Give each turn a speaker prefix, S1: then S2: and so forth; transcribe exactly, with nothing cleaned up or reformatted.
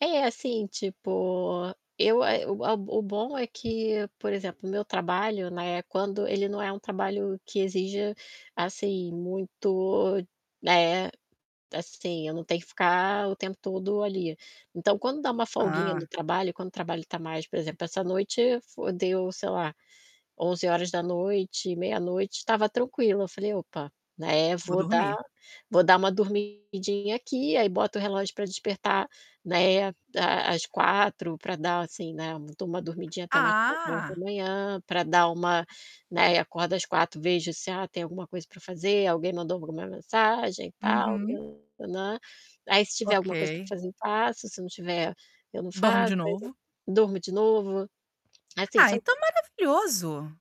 S1: É, assim, tipo, eu, eh, o a o bom é que, por exemplo, meu trabalho, né, quando ele não é um trabalho que exija, assim, muito, né, assim, eu não tenho que ficar o tempo todo ali. Então quando dá uma folguinha
S2: Ah!
S1: no trabalho, quando o trabalho tá mais, por exemplo, essa noite fo deu, sei lá, onze horas da noite, meia-noite, tava tranquilo. Eu falei: "Opa, né,
S2: Vou
S1: vou dar
S2: dormir.
S1: vou dar uma dormidinha aqui", aí boto o relógio pra despertar, né, Às quatro pra dar, assim, né, dou uma dormidinha até umas quatro horas da
S2: Ah!
S1: manhã pra dar uma, né, e acordo às quatro, vejo se, ah, tem alguma coisa pra fazer, alguém mandou alguma mensagem, tal,
S2: Uhum.
S1: né. Aí se tiver
S2: Ok.
S1: alguma coisa pra fazer, eu faço, se não tiver, eu não
S2: Dorme de
S1: faço, aí
S2: novo.
S1: [unintelligible] durmo de novo. Assim,
S2: Ah, então,
S1: são
S2: maravilhoso.